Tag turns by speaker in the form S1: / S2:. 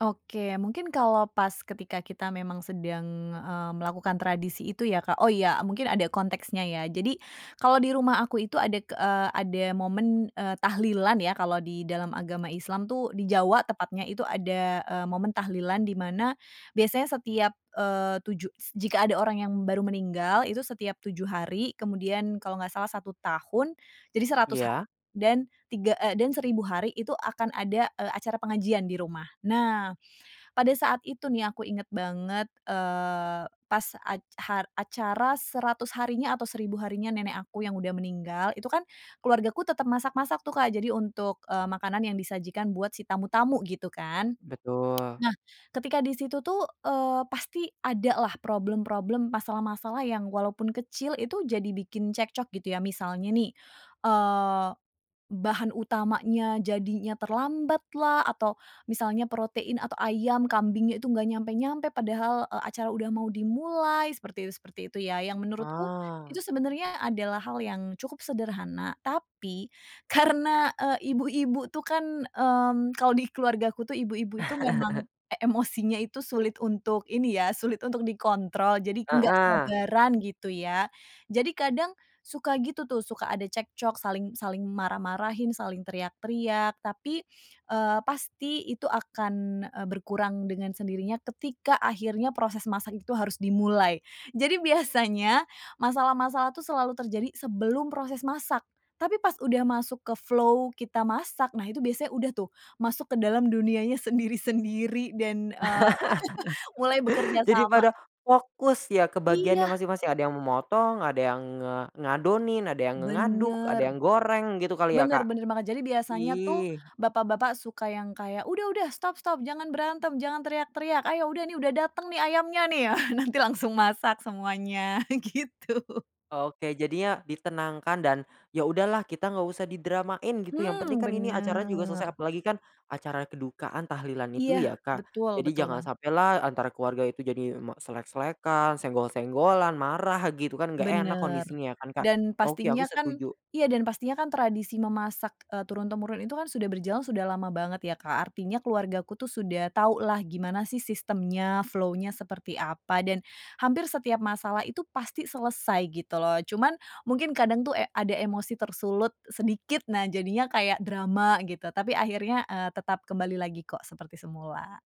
S1: Oke, mungkin kalau pas ketika kita memang sedang, eee, melakukan tradisi itu ya Kak, oh ya, eee, mungkin ada konteksnya ya. Jadi kalau di rumah aku itu ada ke ada momen, eee, tahlilan ya, kalau di dalam agama Islam tuh, di Jawa tepatnya, itu ada, eee, momen tahlilan di mana biasanya setiap, eee, 7 s jika ada orang yang baru meninggal itu setiap 7 hari kemudian kalau nggak salah 1 tahun jadi 100 ha
S2: Iya.
S1: dan 3, eee, dan 1000 hari itu akan ada, eee, acara pengajian di rumah. Nah, pada saat itu nih aku inget banget, eee, pas ac ha acara 100 harinya atau 1000 harinya nenek aku yang udah meninggal itu kan keluargaku tetep masak-masak tuh Kak, jadi untuk, eee, makanan yang disajikan buat si tamu-tamu gitu kan.
S2: Betul.
S1: Nah, ketika di situ tuh, eee, pasti ada lah problem-problem, masalah-masalah yang walaupun kecil itu jadi bikin cekcok gitu ya. Misalnya nih, eee, bahan utamanya jadinya terlambat lah, atau misalnya protein, atau ayam, kambingnya itu nggak nyampe-nyampe padahal, eee, acara udah mau dimulai, seperti itu seperti itu ya, yang menurutku
S2: Ah.
S1: itu sebenarnya adalah hal yang cukup sederhana tapi karena, eee, ibu-ibu tuh kan, mmm, kalau di keluargaku tuh ibu-ibu itu memang e emosinya itu sulit untuk ini ya, sulit untuk dikontrol, jadi nggak
S2: Heeh.
S1: sabaran gitu ya. Jadi kadang suka gitu tuh, suka ada cekcok saling saling marah-marahin, saling teriak-teriak, tapi, eee, pasti itu akan, eee, berkurang dengan sendirinya ketika akhirnya proses masak itu harus dimulai. Jadi biasanya masalah-masalah tu selalu terjadi sebelum proses masak. Tapi pas udah masuk ke flow kita masak, nah itu biasanya udah tuh, masuk ke dalam dunianya sendiri-sendiri dan eee, mulai bekerja
S2: Jadi
S1: sama.
S2: pada fokus ya ke bagiannya
S1: Iya.
S2: masing-masing. Ada yang memotong, ada yang nga ngadonin, ada yang ngaduk, ada
S1: Bener.
S2: yang goreng, gitu kali ya,
S1: Bener
S2: Kak.
S1: bener banget. Jadi biasanya tuh
S2: Ih.
S1: bapak-bapak suka yang kayak, "Udah udah, stop stop! Jangan berantem, jangan teriak-teriak. Ayo, udah nih udah dateng nih ayamnya nih ya." Nanti langsung masak semuanya gitu.
S2: Oke, jadinya ditenangkan dan ya udahlah kita nggak usah didramain gitu, yang penting
S1: Hmm,
S2: kan ini acara juga
S1: bener.
S2: selesai, apalagi kan acara kedukaan, tahlilan
S1: Iya.
S2: itu ya, Kak.
S1: Betul
S2: Jadi
S1: betul
S2: jangan
S1: banget.
S2: sampailah antara keluarga itu jadi ma selek-selekan, senggol-senggolan, marah, gitu kan gak enak
S1: Bener
S2: kondisinya ya kan, Kak.
S1: dan
S2: Oke, aku
S1: pastinya kan
S2: setuju.
S1: iya dan pastinya kan tradisi memasak, eee, turun-temurun itu kan sudah berjalan sudah lama banget ya, Kak. Artinya keluarga ku sudah tau lah gimana sih sistemnya, flow-nya seperti apa, dan hampir setiap masalah itu pasti selesai gitu loh. Cuman mungkin kadang tuh, eee, ada emosi tersulut sedikit, nah jadinya kaya drama gitu. Tapi akhirnya, eee, tetap kembali lagi kok seperti semula.